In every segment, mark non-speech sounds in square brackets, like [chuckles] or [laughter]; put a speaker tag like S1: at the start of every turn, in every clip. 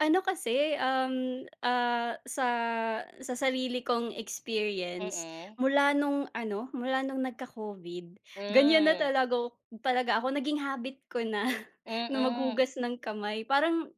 S1: Ano kasi, um, ah, sa, sa sarili kong experience,
S2: Mm.
S1: mula nung ano mula nung nagka-COVID, ganiyan na
S2: Hmm.
S1: talaga ak talaga ako naging habit ko na, [chuckles] na
S2: Mm.
S1: mag-hugas ng kamay parang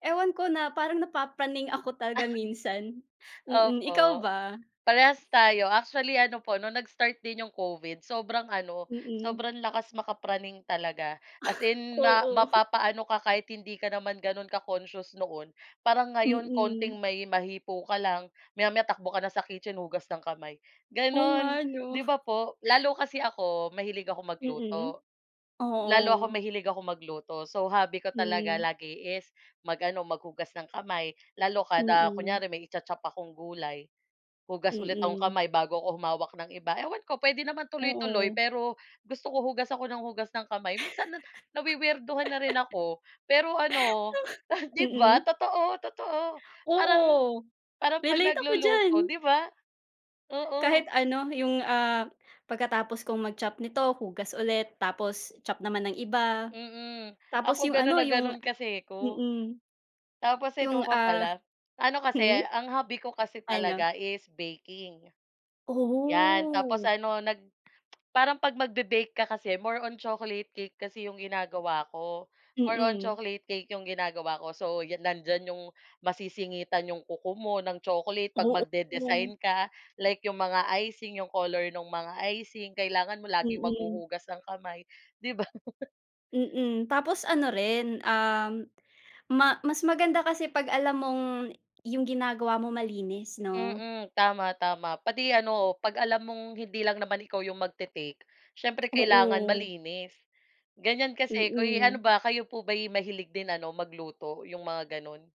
S1: ewan ko na parang na-papraning ako talaga minsan,
S2: [chuckles]
S1: mm, ikaw
S2: Opo.
S1: ba?
S2: Parehas tayo, actually ano po no'ng nag-start din 'yong COVID sobrang ano,
S1: Mm.
S2: sobrang lakas maka-praning talaga, as
S1: [chuckles]
S2: in ma
S1: Oo. [chuckles]
S2: mapapa-ano ka kahit hindi ka naman gano'n ka-conscious noon, parang ngayon
S1: Mm.
S2: konting may mahipo ka lang, maya-maya takbo ka na sa kitchen, hugas ng kamay
S1: Oo
S2: gano'n,
S1: nga 'no?
S2: 'di ba
S1: [chuckles]
S2: po? Lalo kasi ako, mahilig akong
S1: Mm.
S2: magluto. Lalo akong
S1: Oo.
S2: mahilig akong magluto, so hobby ko talaga
S1: Hmm.
S2: lagi is mag-ano mag-hugas ng kamay, lalo kada
S1: Mm.
S2: kunyari may i-cha-chop akong gulay, hugas ulit akong
S1: Mm.
S2: kamay bago ako humawak ng iba, ewan ko puwede naman tuloy-tuloy
S1: Oo.
S2: pero, gusto ko hugas ako ng hugas ng kamay, minsan nawi-weirdohan na rin ako pero ano
S1: [laughs]
S2: [chuckles] 'di ba,
S1: Mm.
S2: totoo, totoo, parang
S1: Oo.
S2: parang 'pag
S1: Relate ako diyan.
S2: nagluluto 'di ba?
S1: Kahit
S2: Oo.
S1: ano yung, ah, pagkatapos kong mag-chop nito, hugas ulit, tapos chop naman ng iba,
S2: Mm,
S1: tapos
S2: ako
S1: yung
S2: ganun
S1: ano,
S2: na
S1: yung
S2: ganun kasi ko.
S1: mm.
S2: Tapos eto
S1: Yung,
S2: pa
S1: ah
S2: pala, ano kasi,
S1: hmm?
S2: ang hobby ko kasi
S1: Ano?
S2: talaga is baking, 'yan, tapos
S1: Oh.
S2: ano nag parang 'pag mag-be-bake ka kasi more on chocolate cake kasi 'yong ginagawa ko, more on
S1: Mm.
S2: chocolate cake 'yong ginagawa ko so, nandiyan 'yong masisingitan 'yong kuko mo ng chocolate 'pag
S1: Oo.
S2: magde-design ka, like 'yong mga icing, 'yong color ng mga icing, kailangan mo laging
S1: Mm.
S2: maghuhugas ng kamay, 'di ba? [laughs]
S1: Mm, tapos ano rin, um, ma mas maganda kasi pag alam mong, yung ginagawa mo malinis no?
S2: Mm, tama, tama, pati ano, 'pag alam mong hindi lang naman ikaw 'yong magte-take, siyempre kailangan
S1: Oo.
S2: malinis, ganiyan kasi 'ko eh, ano
S1: Mm.
S2: ba kayo po ba mahilig din ano magluto 'yong mga gano'n?